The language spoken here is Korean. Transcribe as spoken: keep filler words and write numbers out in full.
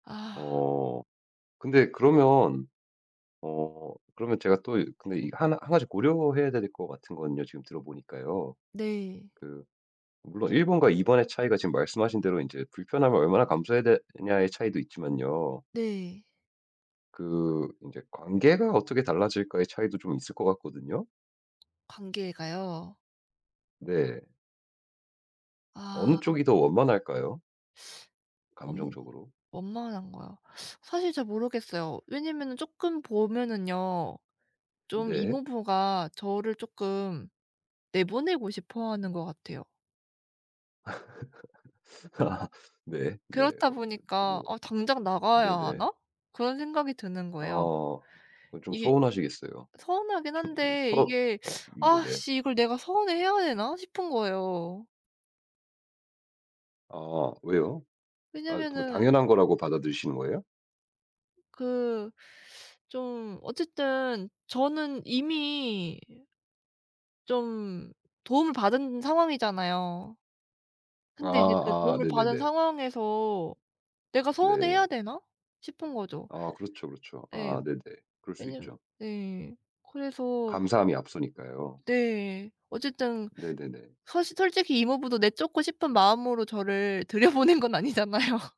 아. 어. 근데 그러면 어 그러면 제가 또 근데 이 한 한 가지 고려해야 될 것 같은 건요. 지금 들어 보니까요. 네. 그 물론 일 번과 이 번의 차이가 지금 말씀하신 대로 이제 불편함을 얼마나 감수해야 되느냐의 차이도 있지만요. 네. 그 이제 관계가 어떻게 달라질까의 차이도 좀 있을 것 같거든요? 관계가요? 네. 어느 아. 아. 쪽이 더 원만할까요? 원 감정적으로? 원만한 거요. 사실 잘 모르겠어요. 왜냐하면은 쪼끔 보면은요. 좀 네. 이모부가 저를 쪼끔 내보내고 싶어 하는 것 같아요. 아. 네 네. 그렇다 어 이 보니까 뭐. '어 당장 나가야 네네. 하나?' 그런 생각이 드는 거예요. 아. 그건 좀 이게 서운하시겠어요. 서운하긴 잘 모르겠어 한데 서럽 이게 음 '아 네네. 씨. 이걸 내가 서운해 해야 되나?' 싶은 거예요. 아 왜요? 아이 뭐 왜냐하면은 당연한 거라고 받아들이시는 거예요? 그 좀 어쨌든 저는 이미 좀 도움을 받은 상황이잖아요. 근데 이제 그 아 아 도움을 받은 네네네. 상황에서 '내가 서운해 해야 네. 되나?' 싶은 거죠. 아 그렇죠, 그렇죠. 네. 아 네네. 그럴 수 왜냐하면 있죠. 네 그래서 저 감사함이 앞서니까요. 네. 어쨌든 네네네. 사실 솔직히 이모부도 내쫓고 싶은 마음으로 저를 들여보낸 건 아니잖아요.